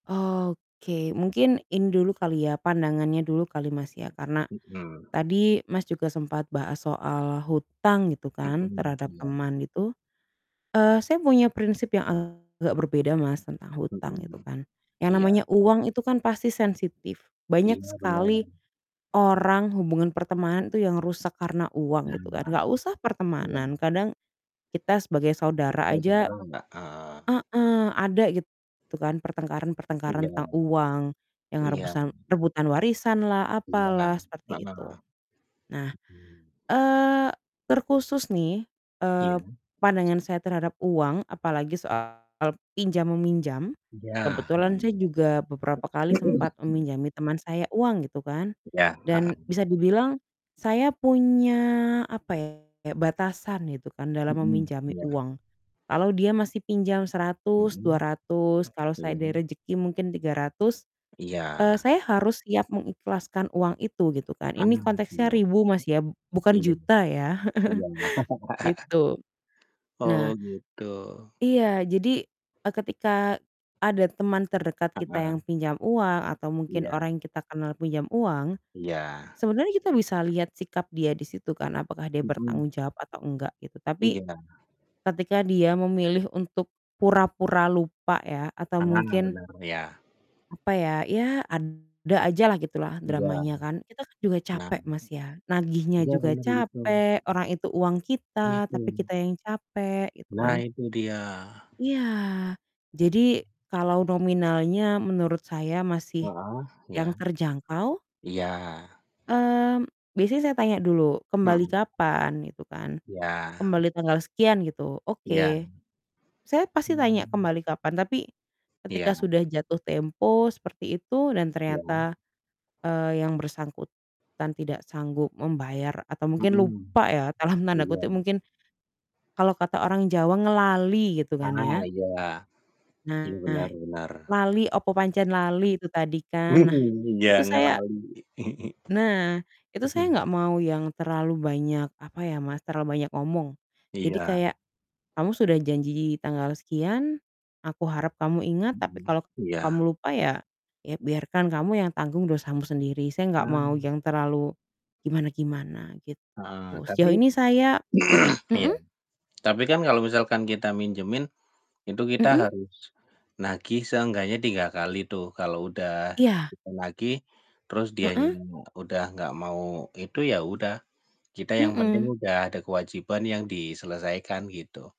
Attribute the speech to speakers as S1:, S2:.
S1: Oke, mungkin ini dulu kali ya pandangannya dulu kali Mas, ya. Karena
S2: Mhm.
S1: tadi Mas, juga sempat bahas soal hutang gitu kan
S2: Mhm,
S1: terhadap
S2: iya.
S1: teman itu, eee, saya punya prinsip yang agak berbeda Mas, tentang hutang itu
S2: Mhm.
S1: kan, yang namanya
S2: Iya.
S1: uang itu kan pasti sensitif. Banyak
S2: Iya, benar.
S1: sekali orang hubungan pertemanan itu yang rusak karena uang gitu kan,
S2: Nah.
S1: nggak usah
S2: Iya.
S1: pertemanan kadang kita sebagai saudara
S2: Nggak semua
S1: aja
S2: orang gak? Ah
S1: heeh, ada gitu kan
S2: I
S1: pertengkaran-pertengkaran
S2: jangan.
S1: tentang uang yang
S2: Iya.
S1: rebusan rebutan warisanlah,
S2: Iya,
S1: apalah,
S2: heeh.
S1: seperti itu. Nah,
S2: Mhm.
S1: eee, terkhusus nih, eee,
S2: Iya?
S1: pandangan saya terhadap uang apalagi soal pinjam meminjam.
S2: Udah,
S1: Kebetulan saya
S2: mhm.
S1: juga beberapa kali sempat meminjami teman saya uang gitu kan,
S2: Iya, heeh.
S1: dan bisa dibilang saya punya, apa ya, kayak batasan gitu kan dalam
S2: Mhm,
S1: meminjami
S2: iya.
S1: uang. Kalau dia masih pinjam Rp100.000, dua
S2: Mhm.
S1: ratus, kalau saya
S2: Iya.
S1: ada rejeki mungkin Rp300.000, eee,
S2: Iya.
S1: saya harus siap mengikhlaskan uang itu gitu kan. Ini
S2: Ah,
S1: konteksnya
S2: iya.
S1: ribu Mas, ya, b bukan
S2: Ingin.
S1: juta ya,
S2: Iya.
S1: gitu. Nah
S2: Oh, gitu.
S1: Iya, jadi, eee, ketika ada teman terdekat kita yang
S2: Heeh.
S1: pinjam uang atau mungkin
S2: Iya.
S1: orang yang kita kenal pinjam uang,
S2: Iya.
S1: sebenarnya kita bisa lihat sikap dia di situ kan apakah dia bertanggung
S2: Mhm.
S1: jawab atau enggak, gitu. Tapi,
S2: Iya.
S1: ketika dia memilih untuk pura-pura lupa ya, atau
S2: Ah,
S1: mungkin
S2: bener, iya.
S1: apa ya, ya ada aja lah gitulah
S2: Iya.
S1: dramanya kan. Kita kan juga capek
S2: Nah.
S1: Mas, ya nagihnya
S2: Iya,
S1: juga
S2: bener begitu.
S1: capek, orang itu uang
S2: Iya
S1: kita, tapi
S2: tuh.
S1: kita yang capek gitu
S2: Nah,
S1: kan.
S2: itu dia.
S1: Iya, jadi kalau nominalnya menurut saya masih
S2: Heeh, iya.
S1: yang terjangkau.
S2: Iya.
S1: Mmm, biasanya saya tanya dulu, "Kembali
S2: Mhm.
S1: kapan?" gitu kan.
S2: Iya.
S1: "Kembali tanggal sekian," gitu.
S2: Iya.
S1: Oke, saya pasti tanya
S2: Hmm.
S1: kembali kapan, tapi ketika
S2: Iya.
S1: sudah jatuh tempo seperti itu dan
S2: Iya?
S1: ternyata, eee, yang bersangkutan tidak sanggup membayar atau mungkin
S2: Mhm.
S1: "lupa" ya, dalam tanda kutip
S2: Iya.
S1: mungkin, kalau kata orang Jawa "ngelali" gitu kan
S2: Ah,
S1: ya.
S2: iya. Iya,
S1: Nah,
S2: benar benar.
S1: lali, opo pancen lali, itu tadi kan. Nah,
S2: Mhm, iya
S1: itu saya
S2: ngelali.
S1: Nah, itu saya
S2: Mhm.
S1: nggak mau yang terlalu banyak apa ya, Mas, terlalu banyak ngomong. Jadi
S2: Iya.
S1: kayak, "Kamu sudah janji tanggal sekian, aku harap kamu ingat. Tapi
S2: Mhm,
S1: kalau
S2: iya.
S1: kamu lupa ya ya biarkan kamu yang tanggung dosamu sendiri." Saya nggak mau
S2: Ah.
S1: yang terlalu gimana-gimana, gitu.
S2: Heeh, tapi
S1: Sejauh ini saya
S2: iya.
S1: mhm?
S2: Tapi kan kalau misalkan kita minjemin, itu kita
S1: Mhm.
S2: harus nagih seenggaknya 3 kali tuh. Kalau udah
S1: Iya.
S2: kita nagih terus dianya
S1: Heeh.
S2: udah enggak mau itu ya udah, kita yang penting
S1: Mhm.
S2: udah ada kewajiban yang diselesaikan gitu.